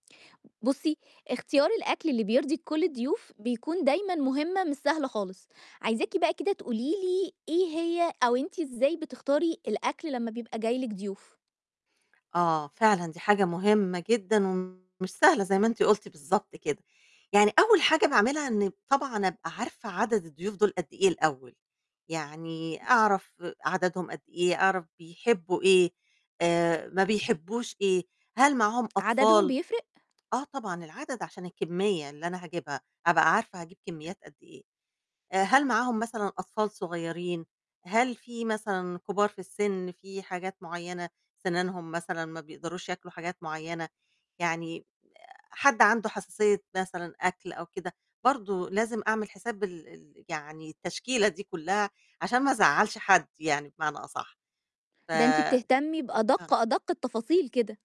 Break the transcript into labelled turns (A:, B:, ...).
A: بُصّي، اختيار الأكل اللي بيرضي كُلّ الضيوف بيكون دايمًا مهمة مش سهلة خالص، عايزاكِ بقى كده تقولي لي إيه هي أو أنتِ إزاي بتختاري الأكل لمّا بيبقى جاي لِك ضيوف؟
B: آه فعلًا، دي حاجة مهمة جدًا ومش سهلة زي ما أنتِ قُلتِ بالضبط كده. يعني أول حاجة باعملها إن طبعًا أبقى عارفة عدَدْ الضيوف دُول قد إيه الأول؟ يعني أعرف عدَدْهُم قد إيه، أعرف بيحبّوا إيه، آآ، ما بيحبوش إيه، هل معاهم
A: عدَدهُم
B: أطفال؟
A: بيفرق؟
B: آه طبعًا، العدَدْ عشان الكميّة اللي أنا هاجيبها أبقى عارفة هاجيب كميّات قد إيه، هل معاهم مثلًا أطفال صغيّرين؟ هل في مثلًا كبار في السن، في حاجات معيّنة سنانهُم مثلًا ما بيقدروش ياكلوا حاجات معيّنة؟ يعني حد عنده حساسية مثلًا أكل أو كده، برضه لازم أعمل حساب ال ال يعني التشكيلة دي كُلّها، عشان ما أزعّلش حد يعني بمعنى أصَحّ، ف
A: ده أنتِ
B: آه.
A: بتهتمّي بأدق أدق التفاصيل كده.